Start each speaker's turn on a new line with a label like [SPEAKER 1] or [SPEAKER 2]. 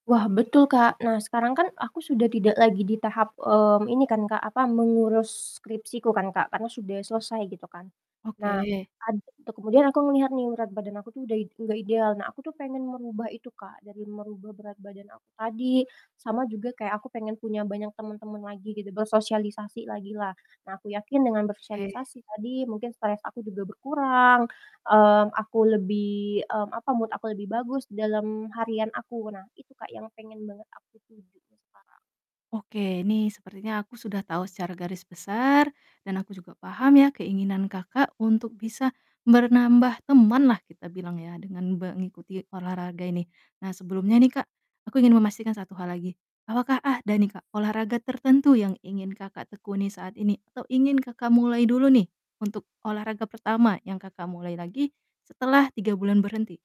[SPEAKER 1] Wah, betul, Kak, nah sekarang kan aku sudah tidak lagi di tahap, mmm, ini kan, Kak, apa, mengurus skripsiku kan, Kak, karena sudah selesai gitu kan. Nah,
[SPEAKER 2] Oke.
[SPEAKER 1] ad tuh kemudian aku melihat nih, berat badan aku tuh udah id nggak ideal, nah aku tuh pengen merubah itu Kak, dari merubah berat badan aku tadi sama juga kayak aku pengen punya banyak temen-temen lagi gitu, bersosialisasi lagi lah. Nah, aku yakin dengan
[SPEAKER 2] Oke.
[SPEAKER 1] bersosialisasi tadi mungkin stres aku juga berkurang, mmm, aku lebih mmm, apa, mood aku lebih bagus dalam harian aku. Nah, itu, Kak, yang pengen banget aku tuju sekarang.
[SPEAKER 2] Oke, ini sepertinya aku sudah tahu secara garis besar dan aku juga paham ya keinginan Kakak untuk bisa ber nambah temanlah kita bilang ya, dengan be ngikuti olahraga ini. Nah, sebelumnya nih Kak, aku ingin memastikan 1 hal lagi, apakah ada nih Kak, olahraga tertentu yang ingin Kakak tekuni saat ini atau ingin Kakak mulai dulu nih untuk olahraga pertama yang Kakak mulai lagi setelah 3 bulan berhenti?